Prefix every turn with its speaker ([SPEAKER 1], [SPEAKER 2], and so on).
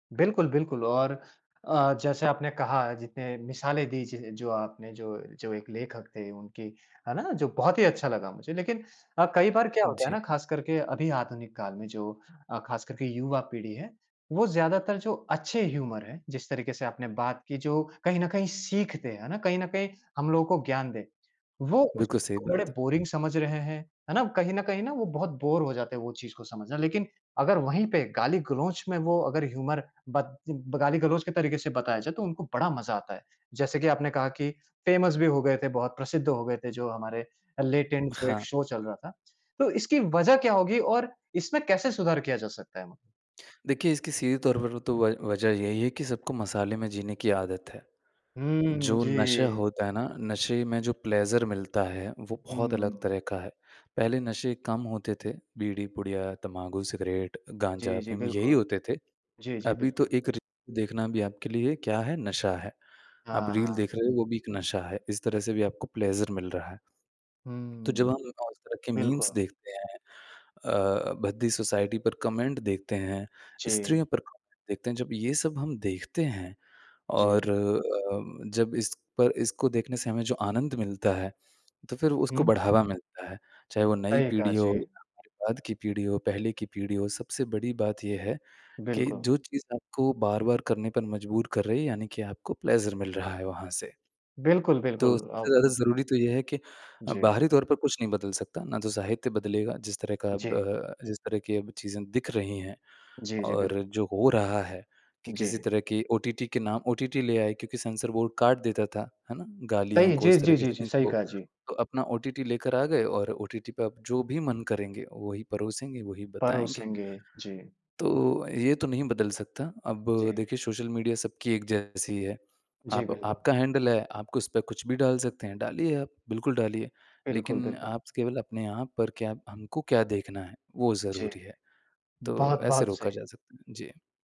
[SPEAKER 1] बिल्कुल, बिल्कुल और अ, जैसे आपने कहा, जितने मिसालें दी ज जो आपने जो जो एक लेखक थे उनकी, है ना? जो बहुत ही अच्छा लगा मुझे। लेकिन अ, कई बार क्या होता है ना,
[SPEAKER 2] जी।
[SPEAKER 1] ख़ास करके अभी आधुनिक काल में जो अ, ख़ास कर के युवा पीढ़ी है, वो ज़्यादातर जो अच्छे ह्यूमर है, जिस तरीक़े से आपने बात की जो कहीं न कहीं सीखते हैं, है ना? कहीं न कहीं हम लोगों को ज्ञान दें, वो उस
[SPEAKER 2] बिल्कुल
[SPEAKER 1] चीज़
[SPEAKER 2] सही
[SPEAKER 1] को बड़े
[SPEAKER 2] बात है।
[SPEAKER 1] बोरिंग समझ रहे हैं, है ना? कहीं न कहीं ना वो बहुत बोर हो जाते हैं वो चीज़ को समझना। लेकिन अगर वही पे गाली-गलौच में वो अगर ह्यूमर ब गाली-गलौच के तरीक़े से बताया जाए, तो उनको बड़ा मज़ा आता है। जैसे कि आपने कहा कि फेमस भी हो गए थे बहुत, प्रसिद्ध हो गए थे जो हमारे लेट एंड जो एक
[SPEAKER 2] हाँ।
[SPEAKER 1] शो चल रहा था। तो इसकी वज़ह क्या होगी और इसमें कैसे सुधार किया जा सकता है?
[SPEAKER 2] देखिए, इसकी सीधे तौर पर तो व वज़ह यही है कि सबको मसाले में जीने की आदत है।
[SPEAKER 1] हुँ।
[SPEAKER 2] जो नशा
[SPEAKER 1] जी।
[SPEAKER 2] होता है ना, नशे में जो प्लेज़र मिलता है, वो बहुत अलग
[SPEAKER 1] हुँ।
[SPEAKER 2] तरह का है। पहले नशे कम होते थे बीड़ी पुड़िया तम्बाकू, सिगरेट,
[SPEAKER 1] जी,
[SPEAKER 2] गाँजा
[SPEAKER 1] जी
[SPEAKER 2] अफ़ीम यही
[SPEAKER 1] बिल्कुल।
[SPEAKER 2] होते थे।
[SPEAKER 1] जी, जी
[SPEAKER 2] अभी तो
[SPEAKER 1] बिल्कुल।
[SPEAKER 2] एक री देखना भी आपके लिए क्या है, नशा है। आप
[SPEAKER 1] हाँ,
[SPEAKER 2] रील
[SPEAKER 1] हाँ।
[SPEAKER 2] देख रहे हो, वो भी एक नशा है। इस तरह से भी आपको प्लेज़र मिल रहा है। तो जब
[SPEAKER 1] हुँ।
[SPEAKER 2] हम उस तरह के मीम्स
[SPEAKER 1] बिल्कुल।
[SPEAKER 2] देखते हैं अ अ, भद्दी सोसाइटी पर कमेंट देखते हैं,
[SPEAKER 1] जी।
[SPEAKER 2] स्त्रियों पर कमेंट देखते हैं, जब ये सब हम देखते हैं
[SPEAKER 1] जी।
[SPEAKER 2] और अ, जब इस पर इसको देखने से हमें जो आनंद मिलता है, तो फिर उसको
[SPEAKER 1] हुँ।
[SPEAKER 2] बढ़ावा मिलता है। चाहे वो नई
[SPEAKER 1] सही कहा।
[SPEAKER 2] पीढ़ी हो
[SPEAKER 1] जी।
[SPEAKER 2] या फिर बाद की पीढ़ी हो, पहले की पीढ़ी हो, सबसे बड़ी बात ये है कि
[SPEAKER 1] बिल्कुल।
[SPEAKER 2] जो चीज़ आपको बार-बार करने पर मजबूर कर रही है यानी कि आपको प्लेज़र मिल रहा है वहाँ से।
[SPEAKER 1] बिल्कुल, बिल्कुल।
[SPEAKER 2] तो सबसे
[SPEAKER 1] अब
[SPEAKER 2] ज़्यादा ज़रूरी तो ये है कि अ,
[SPEAKER 1] जी।
[SPEAKER 2] बाहरी तौर पर कुछ नहीं बदल सकता। ना तो साहित्य बदलेगा जिस तरह का अब
[SPEAKER 1] जी।
[SPEAKER 2] अ, जिस तरह की अब चीज़ें दिख रही हैं
[SPEAKER 1] जी, जी।
[SPEAKER 2] और
[SPEAKER 1] बिल्कुल।
[SPEAKER 2] जो हो रहा है कि किसी
[SPEAKER 1] जी।
[SPEAKER 2] तरह की ओटीटी के नाम ओटीटी ले आए क्योंकि सेंसर बोर्ड काट देता था, है ना?
[SPEAKER 1] सही
[SPEAKER 2] गालियों
[SPEAKER 1] है।
[SPEAKER 2] को,
[SPEAKER 1] जी,
[SPEAKER 2] उस तरह
[SPEAKER 1] जी,
[SPEAKER 2] के
[SPEAKER 1] जी, जी।
[SPEAKER 2] सीन्स
[SPEAKER 1] सही
[SPEAKER 2] को
[SPEAKER 1] कहा। जी।
[SPEAKER 2] तो अपना ओटीटी लेकर आ गए और ओटीटी पे आप जो भी मन करेंगे वही परोसेंगे, वही बताएँगे।
[SPEAKER 1] परोसेंगे। जी।
[SPEAKER 2] तो ये तो नहीं बदल सकता। अब
[SPEAKER 1] जी।
[SPEAKER 2] देखिए सोशल मीडिया सबकी एक जैसी है।
[SPEAKER 1] जी
[SPEAKER 2] आप
[SPEAKER 1] बिल्कुल।
[SPEAKER 2] आपका हैंडल है, आप उसपे कुछ भी डाल सकते हैं। डालिए आप, बिल्कुल डालिए।
[SPEAKER 1] बिल्कुल,
[SPEAKER 2] लेकिन
[SPEAKER 1] बिल्कुल।
[SPEAKER 2] आप केवल अपने आप पर क्या हमको क्या देखना है, वो
[SPEAKER 1] जी।
[SPEAKER 2] ज़रूरी है। तो ऐसे
[SPEAKER 1] बहुत-बहुत
[SPEAKER 2] रोका
[SPEAKER 1] सही।
[SPEAKER 2] जा सकता है। जी।